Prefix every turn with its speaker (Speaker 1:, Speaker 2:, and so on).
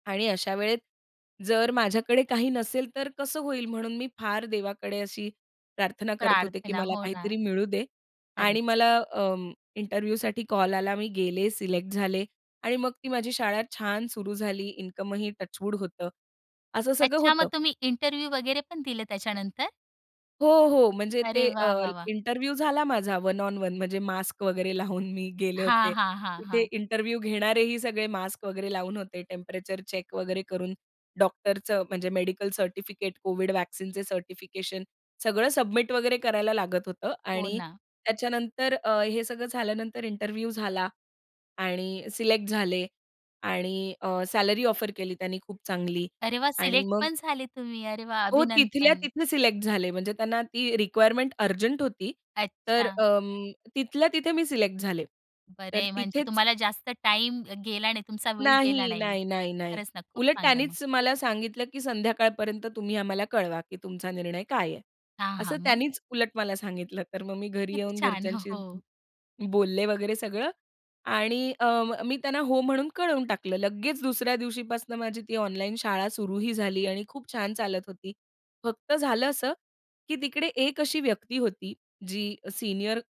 Speaker 1: आणि अशा वेळेत जर माझ्याकडे काही नसेल तर कसं होईल? म्हणून मी फार देवाकडे अशी प्रार्थना करत होते, की
Speaker 2: प्रार्थना,
Speaker 1: मला
Speaker 2: हो ना.
Speaker 1: काहीतरी मिळू दे आणि
Speaker 2: खरंच.
Speaker 1: मला अं, इंटरव्ह्यूसाठी कॉल आला. मी गेले सिलेक्ट झाले आणि मग ती माझी शाळा छान सुरू झाली. इन्कमही टचवूड होतं. असं सगळं
Speaker 2: अच्छा,
Speaker 1: होतं.
Speaker 2: मग तुम्ही इंटरव्ह्यू वगैरे पण दिले त्याच्यानंतर?
Speaker 1: हो, हो, म्हणजे
Speaker 2: अरे,
Speaker 1: ते अ,
Speaker 2: वाह! वाह! वाह!
Speaker 1: इंटरव्ह्यू झाला माझा वन ऑन वन. म्हणजे मास्क वगैरे लावून मी गेले
Speaker 2: हां,
Speaker 1: होते.
Speaker 2: हां, हां,
Speaker 1: तिथे
Speaker 2: हां.
Speaker 1: इंटरव्ह्यू घेणारेही सगळे मास्क वगैरे लावून होते. टेम्परेचर चेक वगैरे करून डॉक्टरचं म्हणजे मेडिकल सर्टिफिकेट, कोविड व्हॅक्सीनचे सर्टिफिकेशन सगळं सबमिट वगैरे करायला लागत होतं
Speaker 2: हो
Speaker 1: आणि
Speaker 2: ना.
Speaker 1: त्याच्यानंतर अ, हे सगळं झाल्यानंतर इंटरव्ह्यू झाला आणि सिलेक्ट झाले आणि अ, सॅलरी ऑफर केली त्यांनी खूप चांगली.
Speaker 2: अरे, वाह!
Speaker 1: आणि मग
Speaker 2: सिलेक्टपण झाले तुम्ही. अरे वाह!
Speaker 1: हो, तिथल्या
Speaker 2: अभिनंदन.
Speaker 1: तिथे सिलेक्ट झाले. म्हणजे त्यांना ती रिक्वायरमेंट अर्जंट होती. तर
Speaker 2: अच्छा.
Speaker 1: अं, तिथल्या तिथे मी सिलेक्ट झाले. तर
Speaker 2: बरंय, म्हणजे
Speaker 1: तिथेच
Speaker 2: तुम्हाला जास्त टाईम अ, गेला नाही. तुमचा वेळ गेला
Speaker 1: नाही,
Speaker 2: नाही.
Speaker 1: नाही, नाही, नाही.
Speaker 2: खरंच ना खूप
Speaker 1: उलट
Speaker 2: चांगलं मग.
Speaker 1: त्यांनीच मला सांगितलं की संध्याकाळपर्यंत तुम्ही आम्हाला कळवा, की तुमचा निर्णय काय आहे?
Speaker 2: हां,
Speaker 1: असं
Speaker 2: हां, मग?
Speaker 1: त्यानीच उलट मला सांगितलं. तर मग मी घरी
Speaker 2: किती
Speaker 1: येऊन
Speaker 2: छान! हो,
Speaker 1: घरच्यांशी
Speaker 2: हो.
Speaker 1: बोलले वगैरे सगळं आणि अं, मी त्यांना हो म्हणून कळवून टाकलं. लगेच दुसऱ्या दिवशीपासनं माझी ती ऑनलाईन शाळा सुरूही झाली आणि खूप छान चालत होती. फक्त झालं असं, की तिकडे एक अशी व्यक्ती होती जी अ, सीनियर